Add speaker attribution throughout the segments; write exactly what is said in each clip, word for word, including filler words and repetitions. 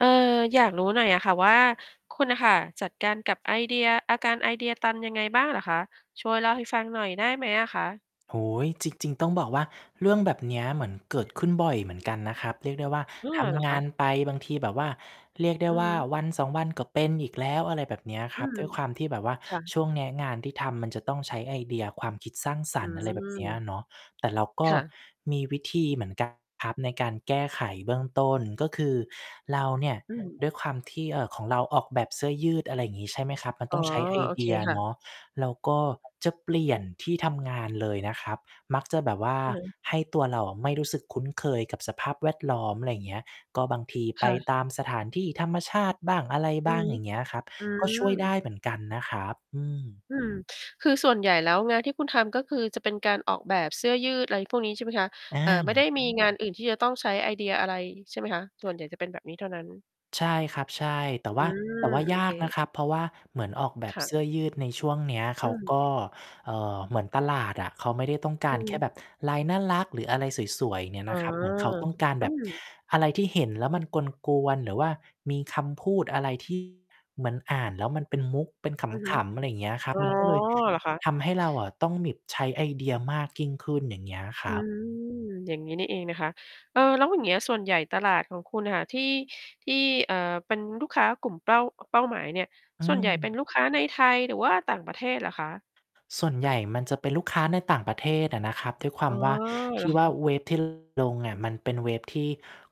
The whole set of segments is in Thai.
Speaker 1: เออ อยากรู้หน่อยอะค่ะว่า คุณน่ะค่ะจัดการกับไอเดีย อาการไอเดียตันยังไงบ้างเหรอคะ? ช่วยเล่าให้ฟังหน่อยได้ไหมอะคะ?
Speaker 2: โอ้โฮ จริง ๆ ต้องบอกว่า เรื่องแบบเนี้ยเหมือนเกิดขึ้นบ่อยเหมือนกันนะครับ เรียกได้ว่า
Speaker 1: อ้อ
Speaker 2: ท
Speaker 1: เหรอ
Speaker 2: ำง
Speaker 1: ค
Speaker 2: า
Speaker 1: ะ?
Speaker 2: นไป บางทีแบบว่า เรียกได้
Speaker 1: อือ
Speaker 2: ว่
Speaker 1: ฮ
Speaker 2: า
Speaker 1: ึ
Speaker 2: วันสอง วันก็เป็นอีกแล้ว อะไรแบบเนี้ย
Speaker 1: อ
Speaker 2: ค
Speaker 1: ื
Speaker 2: รับ
Speaker 1: ม
Speaker 2: ด้วยความที่แบบว่า
Speaker 1: ค่ะ
Speaker 2: ช่วงเนี้ยงานที่ทำมันจะต้องใช้ไอเดียความคิดสร้างส
Speaker 1: อื
Speaker 2: รรค์ อะไรแบบเนี้ย
Speaker 1: ม
Speaker 2: อะเนาะ แต่เราก
Speaker 1: ค
Speaker 2: ็
Speaker 1: ่ะ
Speaker 2: มีวิธีเหมือน กัน ครับ ในการแก้ไขเบื้องต้น ก็คือ เราเนี่ย
Speaker 1: อืม
Speaker 2: ด้วยความที่ เอ่อ ของเราออกแบบเสื้อยืด อะไรอย่างงี้ ใช่ไหมครับ มัน
Speaker 1: อ๋
Speaker 2: ต
Speaker 1: อ
Speaker 2: ้องใช้ไอ
Speaker 1: โอ
Speaker 2: เ
Speaker 1: เ
Speaker 2: ด
Speaker 1: ค
Speaker 2: ีย
Speaker 1: ค่
Speaker 2: เน
Speaker 1: ะ
Speaker 2: าะ เราก็จะเปลี่ยนที่ทำงานเลยนะครับ มักจะแบบว่า
Speaker 1: อือฮึ
Speaker 2: ให้ตัวเราอะไม่รู้สึกคุ้นเคยกับสภาพแวดล้อม ไรอย่างเงี้ย ก็บางที
Speaker 1: ค
Speaker 2: ไป
Speaker 1: ่ะ
Speaker 2: ตามสถานที่ธรรมชาติบ้าง อะไร
Speaker 1: อ
Speaker 2: บ
Speaker 1: ือ
Speaker 2: ้าง
Speaker 1: ฮึ
Speaker 2: อย่างเงี้ยครับ
Speaker 1: อื
Speaker 2: ก็ช่วยได้เหม
Speaker 1: อ
Speaker 2: ือนกันนะครับ อืม
Speaker 1: อืม คือส่วนใหญ่แล้ว งานที่คุณทำ ก็คือ จะเป็นการออกแบบเสื้อยืด อะไรพวกนี้ใช่ไหมคะ?
Speaker 2: อ
Speaker 1: เอ่อ ไม่ได้
Speaker 2: า
Speaker 1: มีงานอื่นที่จะต้องใช้ไอเดียอะไรใช่ไหมคะ? ส่วนใหญ่จะเป็นแบบนี้เท่านั้น
Speaker 2: ใช่ครับ ใช่ แต่
Speaker 1: อ
Speaker 2: ว
Speaker 1: ื
Speaker 2: ่า แ
Speaker 1: ม
Speaker 2: ต่ว่า
Speaker 1: โอ
Speaker 2: ย
Speaker 1: เค
Speaker 2: ากนะครับ เพราะว่าเหมือนออกแบ
Speaker 1: ค
Speaker 2: บ
Speaker 1: ่
Speaker 2: เ
Speaker 1: ะ
Speaker 2: สื้อยืดในช่วงเนี้ย เ
Speaker 1: อ
Speaker 2: ข
Speaker 1: ื
Speaker 2: าก
Speaker 1: ม
Speaker 2: ็ เอ่อ เหมือนตลาดอะ เขาไม่ได้ต้องก
Speaker 1: อ
Speaker 2: าร
Speaker 1: ื
Speaker 2: แค่
Speaker 1: ม
Speaker 2: แบบลายน่ารัก หรืออะไรสวย ๆ เนี่ย
Speaker 1: อ
Speaker 2: น
Speaker 1: ๋อ
Speaker 2: ะครับ เหมือนเขาต้องการ
Speaker 1: อ
Speaker 2: แ
Speaker 1: ื
Speaker 2: บบ
Speaker 1: ม
Speaker 2: อะไรที่เห็นแล้วมันกวน ๆ หรือว่ามีคำพูดอะไร ที่ เหมือนอ่านแล้วมันเป็นมุก เป็น
Speaker 1: อือฮ
Speaker 2: ข
Speaker 1: ึ
Speaker 2: ำ ๆ อะไรอย่างเงี้ยครั
Speaker 1: อ
Speaker 2: บ
Speaker 1: ๋อ
Speaker 2: มันก็เลย
Speaker 1: เหรอคะ?
Speaker 2: ทำให้เราอะต้องหมิบ ใช้ไอเดียมากยิ่งขึ้น อย่างเงี้ยค
Speaker 1: อ
Speaker 2: ร
Speaker 1: ื
Speaker 2: ับ
Speaker 1: ม อย่างนี้นี่เองนะคะ เอ่อ แล้วอย่างเงี้ย ส่วนใหญ่ตลาดของคุณอะค่ะ ที่ ที่ เอ่อ เป็นลูกค้ากลุ่มเป้า อ เป้าหมายเนี่ย
Speaker 2: อื
Speaker 1: ส่วนใหญ่เป็
Speaker 2: ม
Speaker 1: นลูกค้าในไทย หรือว่าต่างประเทศเหรอคะ?
Speaker 2: ส่วนใหญ่มันจะเป็นลูกค้าในต่างประเทศอะนะครับ ด้วยควา
Speaker 1: อ๋อ
Speaker 2: มว่า
Speaker 1: เ
Speaker 2: ท
Speaker 1: หร
Speaker 2: ี
Speaker 1: อ
Speaker 2: ่
Speaker 1: ค
Speaker 2: ว่า
Speaker 1: ะ?
Speaker 2: เว็บ ที่ ลงอะมันเป็นเว็บที่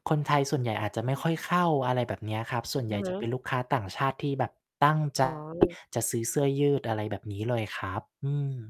Speaker 2: คนไทยส่วนใหญ่อาจจะไม่ค่อยเข้า อะไรแบบเนี้ยครับ ส่วนใ
Speaker 1: อ
Speaker 2: ห
Speaker 1: ื
Speaker 2: ญ่
Speaker 1: อฮ
Speaker 2: จะเป็
Speaker 1: ึ
Speaker 2: นลูกค้าต่างชาติที่แบบตั้ง ใจ
Speaker 1: อ๋อ
Speaker 2: จะซื้อเสื้อยืด อะไรแบบนี้เลยครับ อืม